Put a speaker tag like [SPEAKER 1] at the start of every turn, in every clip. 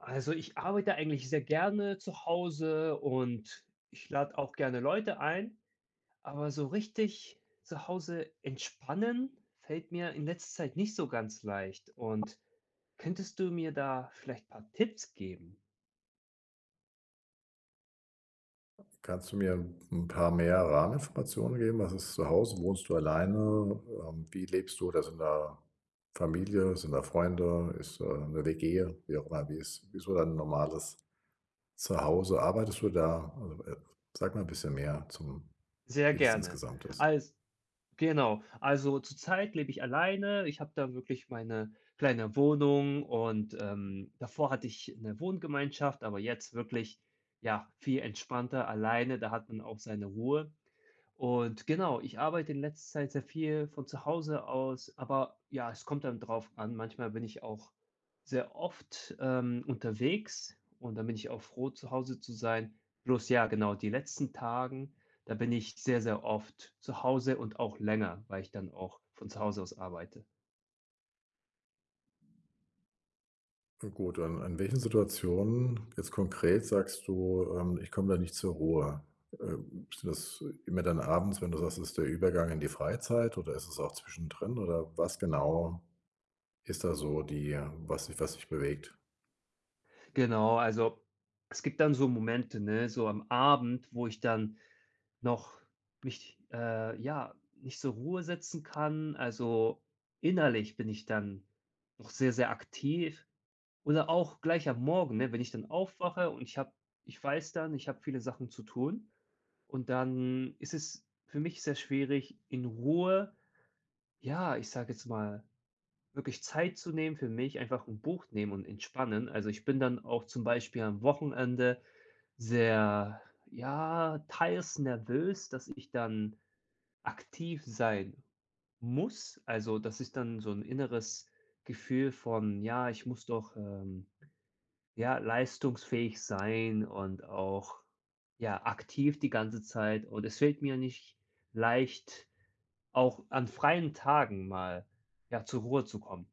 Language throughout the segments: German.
[SPEAKER 1] Also, ich arbeite eigentlich sehr gerne zu Hause, und ich lade auch gerne Leute ein. Aber so richtig zu Hause entspannen fällt mir in letzter Zeit nicht so ganz leicht. Und könntest du mir da vielleicht paar Tipps geben?
[SPEAKER 2] Kannst du mir 'n 'n paar mehr Rahmeninformationen geben? Was ist zu Hause? Wohnst du alleine? Ähm, wie lebst du? Oder sind da Familie? Sind da Freunde? Ist da 'ne WG? Wie auch immer. Wie ist wie ist so dein normales Zuhause? Arbeitest du da? Oh, äh, sag mal 'n bisschen mehr, zum
[SPEAKER 1] Sehr
[SPEAKER 2] wie das
[SPEAKER 1] gerne.
[SPEAKER 2] insgesamt ist.
[SPEAKER 1] Als genau. Also, zur Zeit lebe ich alleine, Ich habe da wirklich meine kleine Wohnung und, ähm, davor hatte ich 'ne Wohngemeinschaft, aber jetzt wirklich ja, viel entspannter alleine. Da hat man auch seine Ruhe. Und genau, ich arbeite in letzter Zeit sehr viel von zu Hause aus, aber, ja, es kommt dann drauf an. Manchmal bin ich auch sehr oft, ähm, unterwegs und dann bin ich auch froh, zu Hause zu sein. Bloß ja, genau, die letzten Tagen, da bin ich sehr, sehr oft zu Hause und auch länger, weil ich dann auch von zu Hause aus arbeite.
[SPEAKER 2] Hm, gut. Und an welchen Situationen, jetzt konkret sagst du, ähm: „Ich komme da nicht zur Ruhe?“ Äh, ist das immer dann abends, wenn du sagst, ist der Übergang in die Freizeit oder ist es auch zwischendrin, oder was genau ist da so die was dich was dich bewegt?
[SPEAKER 1] Genau, also, es gibt dann so Momente, ne, so am Abend, wo ich dann noch mich, äh, ja, nicht zur Ruhe setzen kann. Also, innerlich bin ich dann auch sehr, sehr aktiv oder auch gleich am Morgen, ne, wenn ich dann aufwache und ich habe ich weiß dann, ich habe viele Sachen zu tun. Und dann ist es für mich sehr schwierig in Ruhe, ja, ich sage jetzt mal wirklich Zeit zu nehmen für mich einfach 'n Buch nehmen und entspannen. Also, ich bin dann auch zum Beispiel am Wochenende sehr, ja, teils nervös, dass ich dann aktiv sein muss. Also, das ist dann so 'n inneres Gefühl von: „Ja, ich muss doch, ähm, ja, leistungsfähig sein und auch, ja, aktiv die ganze Zeit.“ Und es fällt mir nicht leicht, auch an freien Tagen mal, ja, zur Ruhe zu kommen.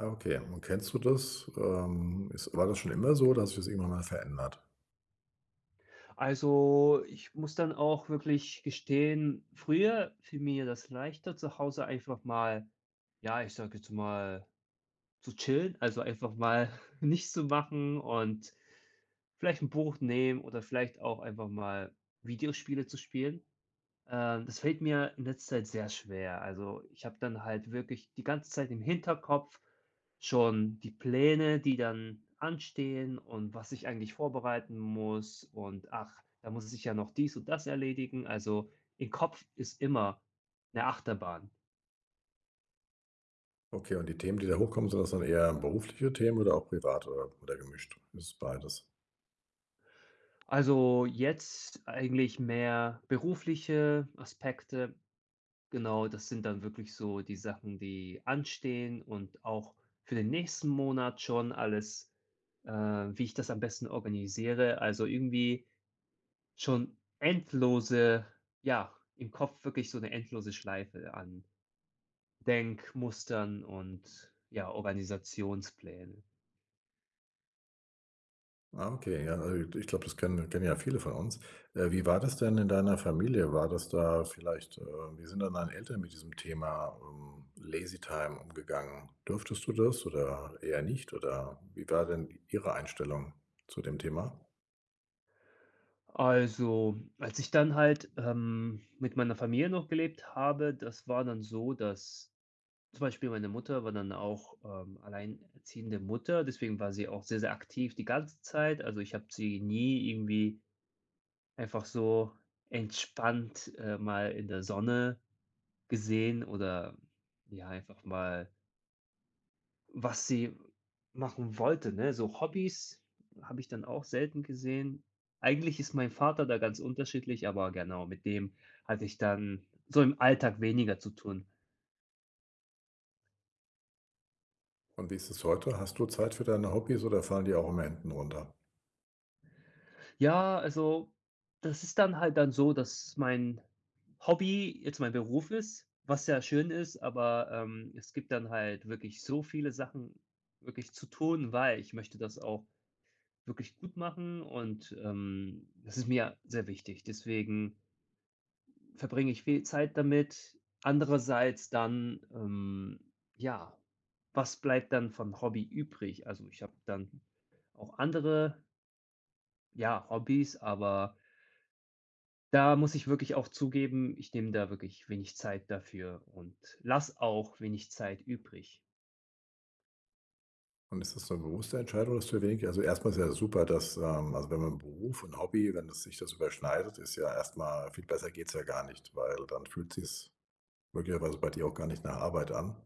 [SPEAKER 2] Ah, okay. Und kennst du das? Ähm, ist war das schon immer so, oder hast du das irgendwann mal verändert?
[SPEAKER 1] Also, ich muss dann auch wirklich gestehen: früher fiel mir das leichter zu Hause einfach mal ja, ich sage jetzt mal zu chillen, also, einfach mal nichts zu machen und vielleicht 'n Buch nehmen oder vielleicht auch einfach mal Videospiele zu spielen. Äh, das fällt mir in letzter Zeit sehr schwer. Also, ich habe dann halt wirklich die ganze Zeit im Hinterkopf schon die Pläne, die dann anstehen und was ich eigentlich vorbereiten muss. Und ach, da muss es ich ja noch dies und das erledigen. Also, im Kopf ist immer 'ne Achterbahn.
[SPEAKER 2] Okay, und die Themen, die da hochkommen, sind das dann eher berufliche Themen oder auch privat oder oder gemischt? Ist beides?
[SPEAKER 1] Also, jetzt eigentlich mehr berufliche Aspekte. Genau, das sind dann wirklich so die Sachen, die anstehen und auch für den nächsten Monat schon alles, äh, wie ich das am besten organisiere. Also, irgendwie schon endlose ja, im Kopf wirklich so 'ne endlose Schleife an Denkmustern und, ja, Organisationspläne.
[SPEAKER 2] Ah, okay. Ja, äh, ich glaube, das kennen kennen ja viele von uns. Äh, wie war das denn in deiner Familie? War das da vielleicht, äh wie sind denn deine Eltern mit diesem Thema, ähm, Lazy time umgegangen? Durftest du das oder eher nicht? Oder, wie war denn Ihre Einstellung zu dem Thema?
[SPEAKER 1] Also, als ich dann halt, ähm, mit meiner Familie noch gelebt habe, das war dann so, dass zum Beispiel meine Mutter war dann auch, ähm, alleinerziehende Mutter. Deswegen war sie auch sehr, sehr aktiv die ganze Zeit. Also, ich habe sie nie irgendwie einfach so entspannt, äh, mal in der Sonne gesehen, oder ja, einfach mal was sie machen wollte, ne? So Hobbys habe ich dann auch selten gesehen. Eigentlich ist mein Vater da ganz unterschiedlich, aber genau, mit dem hatte ich dann so im Alltag weniger zu tun.
[SPEAKER 2] Und wie ist es heute? Hast du Zeit für deine Hobbys oder fallen die auch immer hinten runter?
[SPEAKER 1] Ja. Also, das ist dann halt dann so, dass mein Hobby jetzt mein Beruf ist, was sehr schön ist. Aber, ähm, es gibt dann halt wirklich so viele Sachen wirklich zu tun, weil, ich möchte das auch wirklich gut machen und, ähm, das ist mir sehr wichtig. Deswegen verbringe ich viel Zeit damit. Andererseits dann, ähm ja, was bleibt dann vom Hobby übrig? Also, ich habe dann auch andere ja, Hobbys, aber da muss ich wirklich auch zugeben, ich nehme da wirklich wenig Zeit dafür und lass auch wenig Zeit übrig.
[SPEAKER 2] Und ist das so 'ne bewusste Entscheidung, dass du wenig also, erstmal ist ja super, dass, ähm also, wenn man Beruf und Hobby, wenn es sich das überschneidet, ist ja erstmal viel besser geht's ja gar nicht, weil dann fühlt sich's möglicherweise bei dir auch gar nicht nach Arbeit an.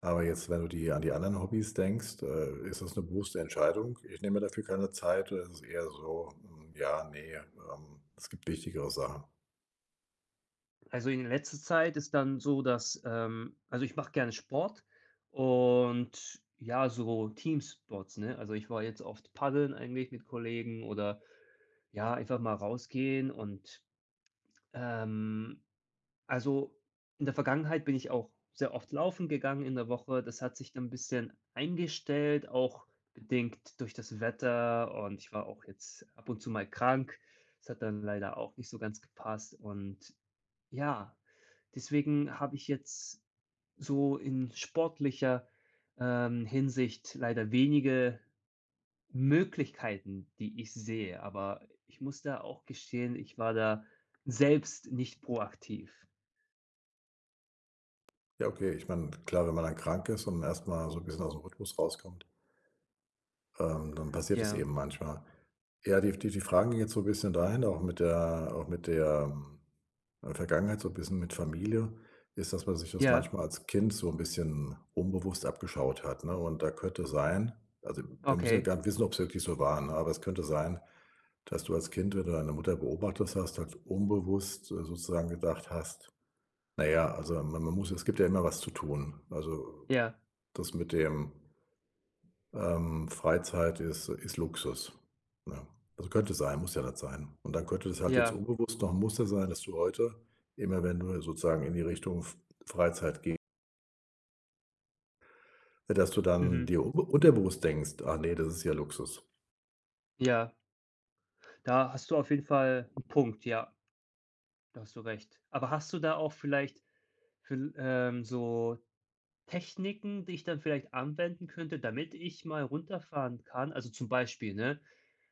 [SPEAKER 2] Aber jetzt, wenn du die an die anderen Hobbys denkst, äh, ist das 'ne bewusste Entscheidung: „Ich nehme mir dafür keine Zeit“, oder ist eher so: „Hm, ja, ne, ähm, es gibt wichtigere Sachen.“
[SPEAKER 1] Also, in letzter Zeit ist dann so, dass ähm, also, ich mache gerne Sport und ja, so Teamsports, ne? Also, ich war jetzt oft paddeln eigentlich mit Kollegen oder ja, einfach mal rausgehen und, ähm also, in der Vergangenheit bin ich auch sehr oft laufen gegangen in der Woche. Das hat sich dann 'n bisschen eingestellt, auch bedingt durch das Wetter und ich war auch jetzt ab und zu mal krank. Das hat dann leider auch nicht so ganz gepasst und ja, deswegen habe ich jetzt so in sportlicher, ähm, Hinsicht leider wenige Möglichkeiten, die ich sehe, aber i ich muss da auch gestehen, ich war da selbst nicht proaktiv.
[SPEAKER 2] Ja. Okay. Ich meine, klar, wenn man dann krank ist und erst mal so 'n bisschen aus dem Rhythmus rauskommt ähm, dann passiert es
[SPEAKER 1] Ja.
[SPEAKER 2] eben manchmal. Ja, die die die Fragen jetzt so 'n bisschen dahin, auch mit der auch mit der, äh, Vergangenheit, so 'n bisschen mit Familie ist, dass man sich das
[SPEAKER 1] Ja.
[SPEAKER 2] manchmal als Kind so 'n bisschen unbewusst abgeschaut hat, ne? Und da könnte sein also, wir müssen ja
[SPEAKER 1] Okay.
[SPEAKER 2] gar nicht wissen, ob es wirklich so war, ne? Aber es könnte sein, dass du als Kind, wenn du deine Mutter beobachtet hast, halt unbewusst sozusagen gedacht hast: „Na ja, also, ma man muss es gibt ja immer was zu tun. Also,
[SPEAKER 1] Ja.
[SPEAKER 2] das mit dem“ „ähm, Freizeit ist ist Luxus.“ Ja, also, könnte sein. Muss ja nicht sein. Und dann könnte das halt jetzt
[SPEAKER 1] Ja.
[SPEAKER 2] unbewusst noch muss ja sein, dass du heute immer, wenn du sozusagen in die Richtung F Freizeit geh Äh, dass du dann
[SPEAKER 1] Mhm.
[SPEAKER 2] dir unbe unterbewusst denkst: „Ah ne, das ist ja Luxus.“
[SPEAKER 1] Ja. Da hast du auf jeden Fall 'n Punkt, ja. Da hast du recht. Aber hast du da auch vielleicht viel ähm, so Techniken, die ich dann vielleicht anwenden könnte, damit ich mal runterfahren kann? Also, zum Beispiel, ne,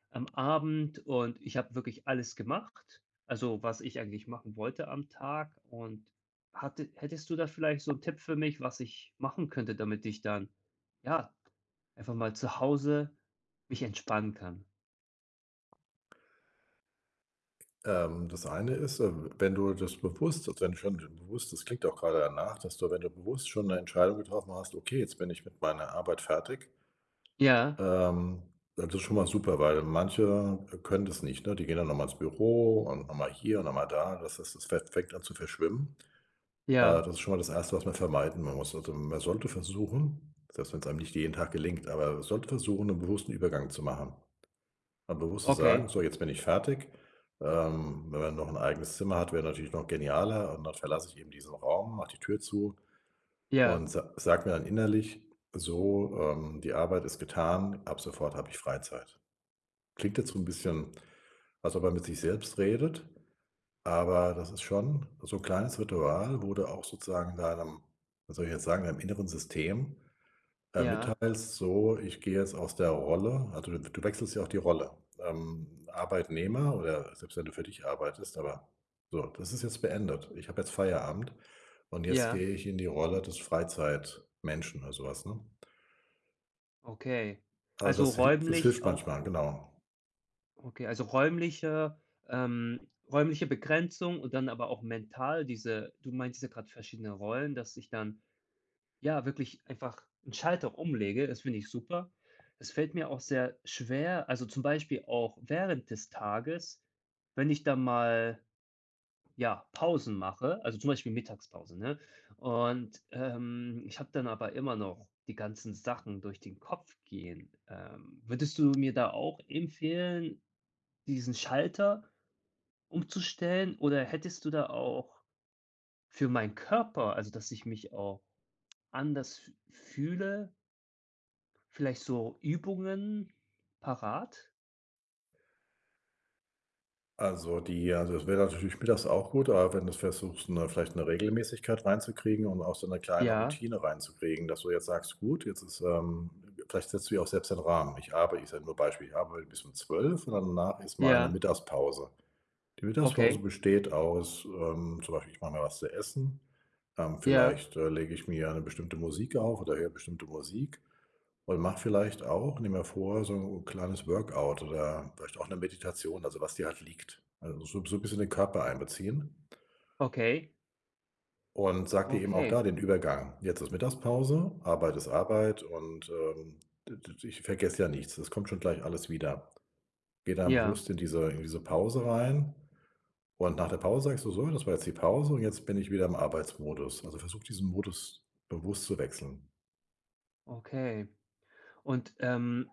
[SPEAKER 1] am Abend und ich habe wirklich alles gemacht, also, was ich eigentlich machen wollte am Tag und hatte hättest du da vielleicht so 'n Tipp für mich, was ich machen könnte, damit ich dann, ja, einfach mal zu Hause mich entspannen kann?
[SPEAKER 2] Ähm, das eine ist, äh, w wenn du das bewusst also, wenn du schon be bewusst das klingt auch grade danach, dass du, wenn du bewusst schon 'ne Entscheidung getroffen hast: „Okay, jetzt bin ich mit meiner Arbeit fertig.“
[SPEAKER 1] Ja,
[SPEAKER 2] Ähm, das ist schon mal super, weil manche, äh, können das nicht, ne? Die gehen dann noch mal ins Büro und noch mal hier und mal da. Das das das fä fängt an zu verschwimmen. Äh,
[SPEAKER 1] Ja.
[SPEAKER 2] das ist schon mal das 1. was man vermeiden muss. Also, man sollte versuchen selbst wenn's einem nicht jeden Tag gelingt, aber sollte versuchen, 'n bewussten Übergang zu machen. Mal bewusst zu sagen:
[SPEAKER 1] Okay.
[SPEAKER 2] „So, jetzt bin ich fertig.“ Ähm, wenn man noch 'n eigenes Zimmer hat, wäre natürlich noch genialer. Und dann verlasse ich eben diesen Raum, mache die Tür zu
[SPEAKER 1] Ja.
[SPEAKER 2] und sa sage mir dann innerlich so, ähm: „Die Arbeit ist getan. Ab sofort habe ich Freizeit.“ Klingt jetzt so 'n bisschen, als ob er mit sich selbst redet. Aber das ist schon so 'n kleines Ritual, wo da auch sozusagen in deinem was soll ich jetzt sagen deinem inneren System, äh,
[SPEAKER 1] Ja.
[SPEAKER 2] mitteilst: „So, ich gehe jetzt aus der Rolle.“ Also, d du wechselst ja auch die Rolle, ähm, Arbeitnehmer oder selbst wenn du für dich arbeitest, aber: „So, das ist jetzt beendet. Ich habe jetzt Feierabend. Und jetzt
[SPEAKER 1] Ja.
[SPEAKER 2] gehe ich in die Rolle des Freizeitmenschen“, oder so was, ne?
[SPEAKER 1] Okay,
[SPEAKER 2] Also,
[SPEAKER 1] also,
[SPEAKER 2] das hil das
[SPEAKER 1] räumlich
[SPEAKER 2] hilft
[SPEAKER 1] auch
[SPEAKER 2] manchmal genau.
[SPEAKER 1] Okay, also, räumliche ähm, räumliche Begrenzung und dann aber auch mental diese du meinst jetzt gerade verschiedenen Rollen, dass ich dann, ja, wirklich einfach 'n Schalter umlege. Das finde ich super. Das fällt mir auch sehr schwer. Also, zum Beispiel auch während des Tages, wenn ich dann mal, ja, Pausen mache, also, zum Beispiel Mittagspause, ne? Und, ähm, ich habe dann aber immer noch die ganzen Sachen durch den Kopf gehen. Ähm, würdest du mir da auch empfehlen, diesen Schalter umzustellen, oder hättest du da auch für meinen Körper, also, dass ich mich auch anders f fühle vielleicht so Übungen parat?
[SPEAKER 2] Also, die also, das wäre natürlich mittags auch gut. Aber wenn du's versuchst 'ne vielleicht 'ne Regelmäßigkeit reinzukriegen und auch so 'ne kleine
[SPEAKER 1] Ja.
[SPEAKER 2] Routine reinzukriegen, dass du jetzt sagst: „Gut, jetzt ist, ähm“ W vielleicht setzt du ja auch selbst den Rahmen. Ich arbei ich sage nur ein Beispiel. Ich arbeite bis um 12:00 und danach ist meine
[SPEAKER 1] Ja.
[SPEAKER 2] Mittagspause. Die Mittagspause
[SPEAKER 1] Okay.
[SPEAKER 2] besteht aus, ähm, zum Beispiel: „Ich mache mir was zu essen. Ähm,
[SPEAKER 1] Ja.
[SPEAKER 2] vielleicht, äh, lege ich mir 'ne bestimmte Musik auf oder höre bestimmte Musik und mache vielleicht auch nimm mir vor so kleines Workout oder vielleicht auch 'ne Meditation“, also, was dir halt liegt, also, so so 'n bisschen den Körper einbeziehen.
[SPEAKER 1] Okay.
[SPEAKER 2] Und sage dir eben auch
[SPEAKER 1] Okay.
[SPEAKER 2] da den Übergang: „Jetzt ist Mittagspause. Arbeit ist Arbeit und, ähm, d d d ich vergesse ja nichts. Es kommt schon gleich alles wieder.” Gehe dann
[SPEAKER 1] Ja.
[SPEAKER 2] bewusst in diese in diese Pause rein und nach der Pause sagst du so: „Das war jetzt die Pause und jetzt bin ich wieder im Arbeitsmodus.” Also, versuche, diesen Modus bewusst zu wechseln.
[SPEAKER 1] Okay, und, ähm,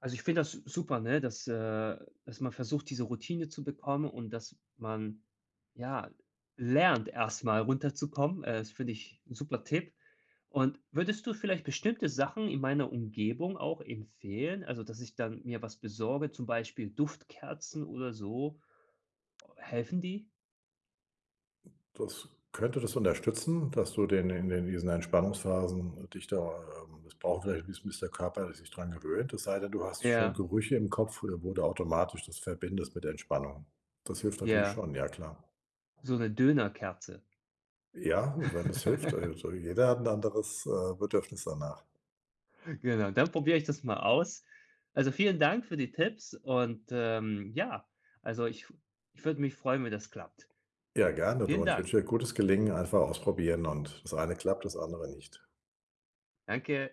[SPEAKER 1] also, ich finde das super, ne, dass äh, dass man versucht, diese Routine zu bekommen und dass man, ja, lernt, erstmal runterzukommen. Äh, das finde ich 'n super Tipp. Und würdest du vielleicht bestimmte Sachen in meiner Umgebung auch empfehlen, also, dass ich dann mir was besorge, zum Beispiel Duftkerzen oder so? Helfen die?
[SPEAKER 2] Das könnte das unterstützen, dass du den in in diesen Entspannungsphasen dich da ähm, das braucht vielleicht 'n bisschen bis der Körper sich dran gewöhnt es sei denn, du hast schon
[SPEAKER 1] Ja.
[SPEAKER 2] Gerüche im Kopf oder wo du automatisch das verbindest mit der Entspannung. Das hilft natürlich
[SPEAKER 1] Ja.
[SPEAKER 2] schon. Ja, klar.
[SPEAKER 1] So 'ne Döner-Kerze.
[SPEAKER 2] Ja, wenn das hilft. Al also, jeder hat 'n anderes, äh, Bedürfnis danach.
[SPEAKER 1] Genau, dann probiere ich das mal aus. Also, vielen Dank für die Tipps und, ähm, ja, also, ich w ich würde mich freuen, wenn das klappt.
[SPEAKER 2] Ja, gerne,
[SPEAKER 1] Vielen
[SPEAKER 2] du. Und ich wünsche
[SPEAKER 1] Dank.
[SPEAKER 2] dir 'n gutes Gelingen, einfach ausprobieren und das eine klappt, das andere nicht.
[SPEAKER 1] Danke.